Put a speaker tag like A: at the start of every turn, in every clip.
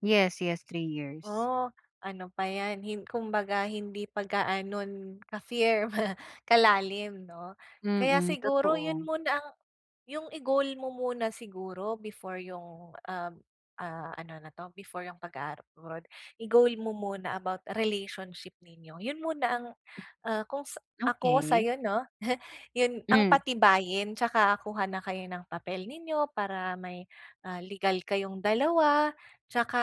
A: Yes, yes, 3 years.
B: Oh, ano pa 'yan hin kumbaga hindi pa gaanon ka-firm kalalim 'no, kaya
A: Mm,
B: siguro 'yun
A: totoo.
B: muna ang 'yung i-goal mo muna siguro before 'yung ah ah, ano na 'to, before 'yung pag-aabroad, i-goal mo muna about relationship ninyo, 'yun muna ang, ah, kung ako
A: Okey.
B: sa'yo 'no, 'yun ang
A: Hmm.
B: patibayin tsaka kuha na kayo ng papel ninyo para may, ah, legal kayong dalawa. Tsaka,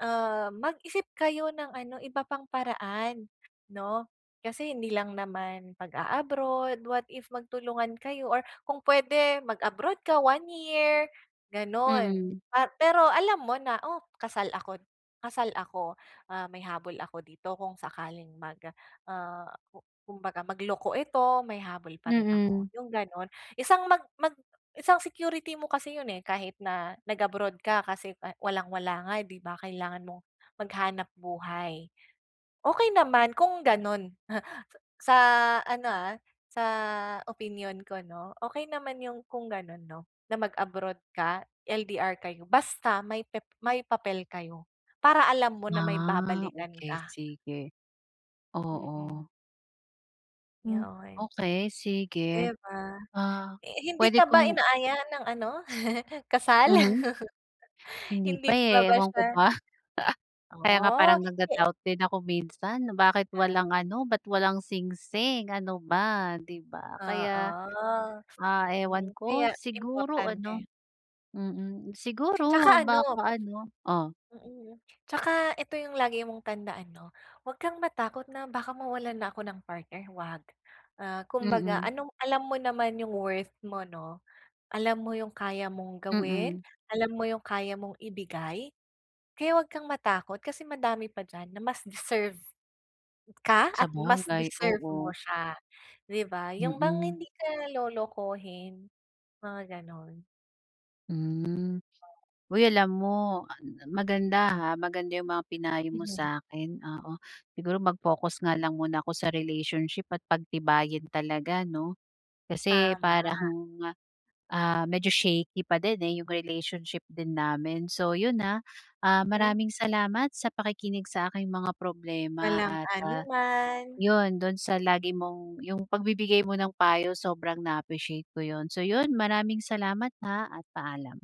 B: ah, mag-isip kayo ng ano, iba pang paraan 'no, kasi hindi lang naman, pag-a-abroad what if magtulungan kayo or kung puwede mag-abroad ka one year gano'n.
A: Mm.
B: Pa pero alam mo na, oh, kasal ako kasal ako, ah, may habol ako dito kung sakaling mag, ah, ku kumbaga magloko ito may habol pa rin
A: Mm.
B: ako 'yung gano'n isang mag mag isang security mo kasi 'yun, eh, kahit na nag-abroad ka kasi walang wala nga di ba, kailangan mong maghanap buhay, okey naman kung gano'n. Sa ano, ah, sa opinyon ko 'no, okey naman 'yung kung gano'n 'no, na mag-abroad ka, LDR kayo basta may pep may papel kayo para alam mo na may
A: Ah,
B: babalikan
A: okey,
B: ka.
A: sige.
B: Mm.
A: Oo. Hmm,
B: 'Yun.
A: okey sige,
B: 'Di ba,
A: ah,
B: hindi
A: puwede
B: ka ba
A: kong
B: inaaya ng ano kasal?
A: Mhm. Hindi pa,
B: Hindi pa
A: eh,
B: ba
A: ewan
B: siya
A: ko ba. Kaya nga
B: Oh,
A: parang
B: eh.
A: nagda-doubt din ako minsan,
B: 'Di
A: bakit
B: pa.
A: walang ano, ba't walang singsing ano ba, di ba? Kaya,
B: Oo,
A: ah,
B: mm,
A: ewan ko
B: kaya
A: siguro
B: importante.
A: ano, mm, siguro
B: Tsaka ano
A: baka ano oh.
B: mm, tsaka ito 'yung lagi mong tandaan 'no, huwag kang matakot na baka mawalan na ako ng partner, huwag. Ah, kumbaga
A: Mm.
B: anong alam mo naman 'yung worth mo 'no, alam mo 'yung kaya mong gawin,
A: Mm.
B: alam mo 'yung kaya mong ibigay. Kaya huwag kang matakot, kasi madami pa diyan na mas deserve ka at mas
A: Sabagay,
B: deserve mo
A: oo.
B: siya, di ba, 'yung bang
A: Mm.
B: hindi ka lolokohin mga gano'n.
A: Hmm,
B: Oh.
A: uy alam mo, oh an m na maganda, ha, maganda 'yung mga pinayo mo
B: Ayan.
A: sa'kin, oo, siguro mag-focus nga lang muna ako sa relationship at pagtibayin talaga, 'no. Kasi
B: Tama.
A: parang, ah, medyo shaky pa din, eh, 'yung relationship din namin. So 'yun ah, ah,
B: Hmm.
A: maraming salamat sa pakikinig sa aking mga problema
B: Walang
A: at ah,
B: anuman.
A: 'yun do'n sa lagi mong 'yung pagbibigay mo ng payo sobrang na-appreciate ko 'yun. So 'yun, maraming salamat, ha, at paalam.